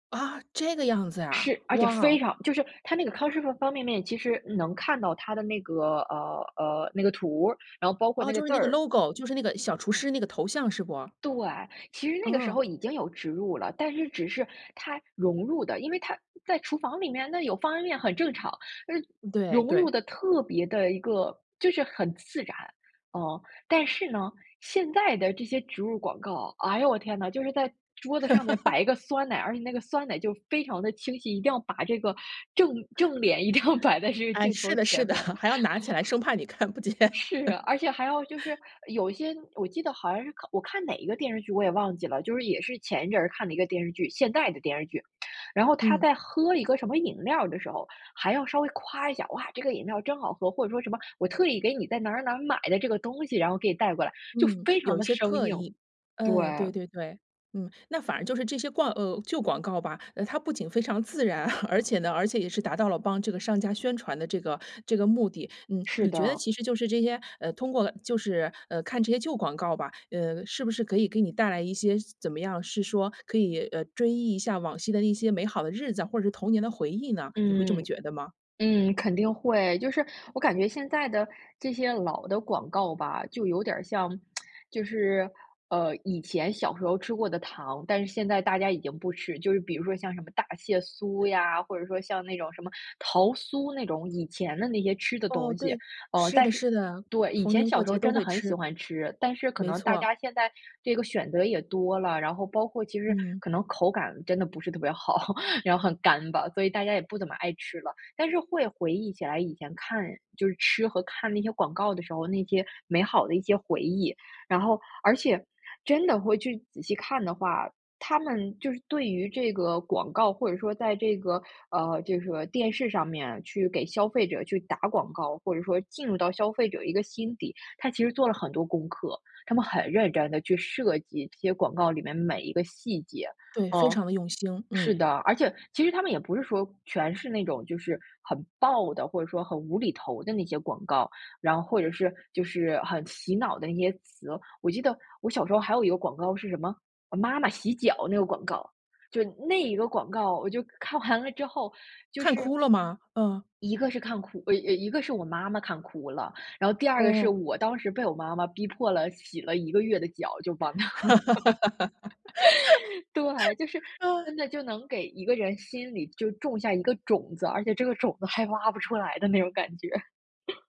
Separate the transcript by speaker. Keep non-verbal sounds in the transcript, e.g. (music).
Speaker 1: 啊，这个样子啊，
Speaker 2: 是，而且非
Speaker 1: 哇。
Speaker 2: 常就是它那个康师傅方便面，其实能看到它的那个，呃呃，那个图儿，然后包括
Speaker 1: 哦，
Speaker 2: 那个
Speaker 1: 就是
Speaker 2: 字
Speaker 1: 那个
Speaker 2: 儿。
Speaker 1: logo，就是那个小厨师那个头像是不？
Speaker 2: 对，其实那个时
Speaker 1: 哦。
Speaker 2: 候已经有植入了，但是只是它融入的，因为它在厨房里面，那有方便面很正常，嗯，
Speaker 1: 对
Speaker 2: 融入
Speaker 1: 对。
Speaker 2: 得特别的一个，就是很自然，嗯。但是呢，现在的这些植入广告，哎呦，我天呐，就是在桌子上面
Speaker 1: (laughs)
Speaker 2: 摆一个酸奶，而且那个酸奶，就非常地清晰，一定要把这个正正脸一定要摆在这个
Speaker 1: 哎，
Speaker 2: 镜
Speaker 1: 是
Speaker 2: 头
Speaker 1: 的是
Speaker 2: 前
Speaker 1: 的，
Speaker 2: 面。
Speaker 1: (chuckles)
Speaker 2: (inhales)
Speaker 1: 还要拿起来，生怕你看不见。
Speaker 2: 是啊，
Speaker 1: (chuckles)
Speaker 2: 而且还要就是有一些，我记得好像是我看哪一个电视剧我也忘记了，就是也是前一阵儿看的一个电视剧，现代的电视剧。(smacks lips) 然后他
Speaker 1: 嗯。
Speaker 2: 在喝一个什么饮料儿的时候，还要稍微夸一下：“哇，这个饮料儿真好喝，“或者说什么我特意给你在哪儿哪儿哪儿买的这个东西，然后给你带过来。就
Speaker 1: 嗯，
Speaker 2: 非
Speaker 1: 有
Speaker 2: 常
Speaker 1: 一
Speaker 2: 地
Speaker 1: 些
Speaker 2: 生
Speaker 1: 刻
Speaker 2: 硬。
Speaker 1: 意。嗯，对
Speaker 2: 对。
Speaker 1: 对对。嗯，那反而就是这些广呃，旧广告吧，呃，它不仅非常自然，(chuckles) 而且呢，而且也是达到了帮这个商家宣传的这个这个目的。嗯，
Speaker 2: 是
Speaker 1: 你觉得
Speaker 2: 的。
Speaker 1: 其实就是这些，呃，通过就是，呃，看这些旧广告吧，呃，是不是可以给你带来一些怎么样，是说可以，呃，追忆一下往昔的那些美好的日子，或者是童年的回忆呢？你会这
Speaker 2: 嗯，
Speaker 1: 么觉得吗？
Speaker 2: 嗯，肯定会。就是我感觉现在的，这些老的广告吧，就有点儿像，(smacks lips) 就是，呃，以前小时候吃过的糖，但是现在大家已经不吃，就是比如说，像什么大蟹酥呀，或者说像那种什么桃酥那种以前的那些吃的
Speaker 1: 哦，
Speaker 2: 东西。
Speaker 1: 对，
Speaker 2: 嗯，
Speaker 1: 是
Speaker 2: 但
Speaker 1: 的
Speaker 2: 是
Speaker 1: 是的，
Speaker 2: 对，以
Speaker 1: 逢
Speaker 2: 前
Speaker 1: 年
Speaker 2: 小
Speaker 1: 过
Speaker 2: 时候
Speaker 1: 节都
Speaker 2: 真的
Speaker 1: 会
Speaker 2: 很喜
Speaker 1: 吃。
Speaker 2: 欢吃，但是可
Speaker 1: 没
Speaker 2: 能大
Speaker 1: 错。
Speaker 2: 家现在这个选择也多了，然后包括其实
Speaker 1: 嗯。
Speaker 2: 可能口感真的不是特别好，(chuckles) 然后很干巴，所以大家也不怎么爱吃了。但是会回忆起来以前看就是吃和看那些广告的时候，那些美好的一些回忆。然后而且真的会去仔细看的话，它们就是对于这个广告，或者说在这个，呃，就是说，电视上面去给消费者去打广告，或者说进入到消费者一个心底，它其实做了很多功课，它们很认真地去设计，这些广告里面每一个细节。
Speaker 1: 对，非
Speaker 2: 嗯，
Speaker 1: 常地用心，
Speaker 2: 是
Speaker 1: 嗯。
Speaker 2: 的，而且其实它们也不是说全是那种就是很爆的，或者说很无厘头的那些广告，然后或者是，就是很洗脑的那些词。我记得我小时候还有一个广告是什么，“妈妈洗脚”那个广告，就那一个广告，我就看完了之后，就
Speaker 1: 看
Speaker 2: 是
Speaker 1: 哭了吗？嗯。
Speaker 2: ······一个是看哭呃呃，一个是我妈妈看哭了，然后第二个是
Speaker 1: 哦。
Speaker 2: 我当时被我妈妈逼迫了，洗了一个月的脚，就帮她。(laughs) 对，就是
Speaker 1: (laughs) 嗯。
Speaker 2: 真的，就能给一个人心里就种下一个种子，而且这个种子还挖不出来的那种感觉。(chuckles)